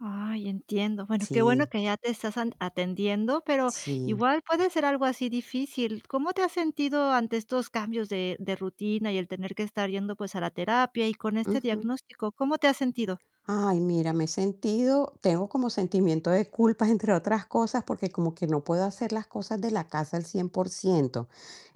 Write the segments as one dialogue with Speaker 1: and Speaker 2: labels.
Speaker 1: Ay, entiendo, bueno, qué bueno
Speaker 2: Sí.
Speaker 1: que ya te estás an atendiendo, pero
Speaker 2: Sí.
Speaker 1: igual puede ser algo así difícil. ¿Cómo te has sentido ante estos cambios de, de rutina y el tener que estar yendo, pues a la terapia y con este
Speaker 2: Ujú.
Speaker 1: diagnóstico? ¿Cómo te has sentido?
Speaker 2: Ay, mira, me he sentido tengo como sentimiento de culpa, entre otras cosas, porque como que no puedo hacer las cosas de la casa al 100%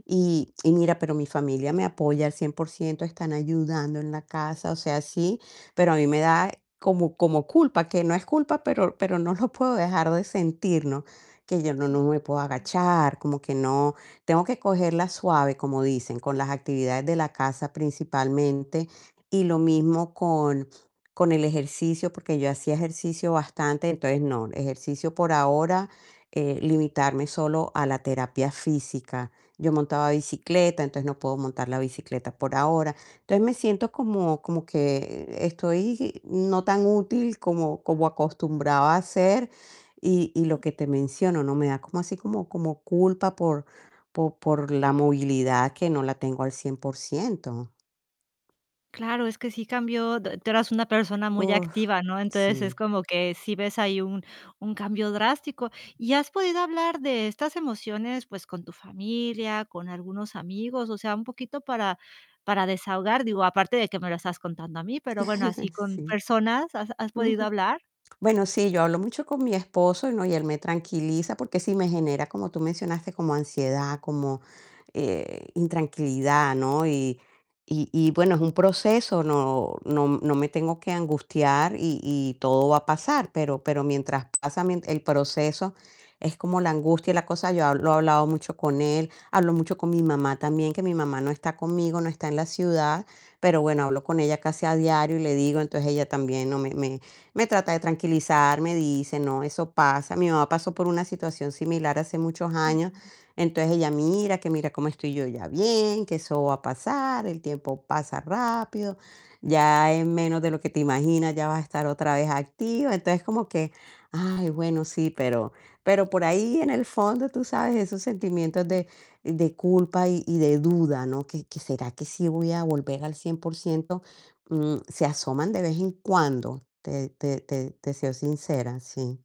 Speaker 2: Y y mira, pero mi familia me apoya al 100%, están ayudando en la casa, o sea, sí, pero a mí me da como como culpa, que no es culpa, pero pero no lo puedo dejar de sentir, ¿no?, que yo no no me puedo agachar, como que no tengo que cogerla suave, como dicen, con las actividades de la casa, principalmente, y lo mismo con, con el ejercicio, porque yo hacía ejercicio bastante, entonces no, ejercicio por ahora, eh, limitarme solo a la terapia física, yo montaba bicicleta, entonces no puedo montar la bicicleta por ahora, entonces, me siento como, como que estoy no tan útil como, como acostumbraba a ser y y lo que te menciono, ¿no?, me da como así como, como culpa por po por la movilidad, que no la tengo al 100%
Speaker 1: Claro, es que sí cambió d tú eras una persona muy
Speaker 2: Uf,
Speaker 1: activa, ¿no?, entonces es
Speaker 2: sí.
Speaker 1: como que sí ves ahí un, un cambio drástico. ¿Y has podido hablar de estas emociones, pues con tu familia, con algunos amigos? O sea, un poquito para, para desahogar, digo, aparte de que me lo estás contando a mí, pero bueno, así con
Speaker 2: Sí.
Speaker 1: personas, ¿has has podido
Speaker 2: Ujú.
Speaker 1: hablar?
Speaker 2: Bueno, sí, yo hablo mucho con mi esposo, ¿no?, y él me tranquiliza, porque sí me genera, como tú mencionaste, como ansiedad, como, eh, intranquilidad, ¿no?, y y y bueno, es un proceso, no no no me tengo que angustiar y y todo va a pasar, pero pero mientras pasa mien el proceso es como la angustia y la cosa, yo habl lo he hablado mucho con él, hablo mucho con mi mamá también, que mi mamá no está conmigo, no está en la ciudad, pero bueno, hablo con ella casi a diario y le digo, entonces ella también, ¿no?, me me me trata de tranquilizar, me dice: "No, eso pasa", mi mamá pasó por una situación similar hace muchos años, entonces ella: "Mira que mira cómo estoy yo ya bien, que eso va a pasar, el tiempo pasa rápido, ya en menos de lo que te imaginas ya vas a estar otra vez activa", entonces como que: "Ay, bueno, sí", pero, pero por ahí en el fondo, tú sabes, esos sentimientos de, de culpa y y de duda, ¿no?, que, que ¿Será que sí voy a volver al 100%?. Mm, se asoman de vez en cuando, te te te te soy sincera, sí.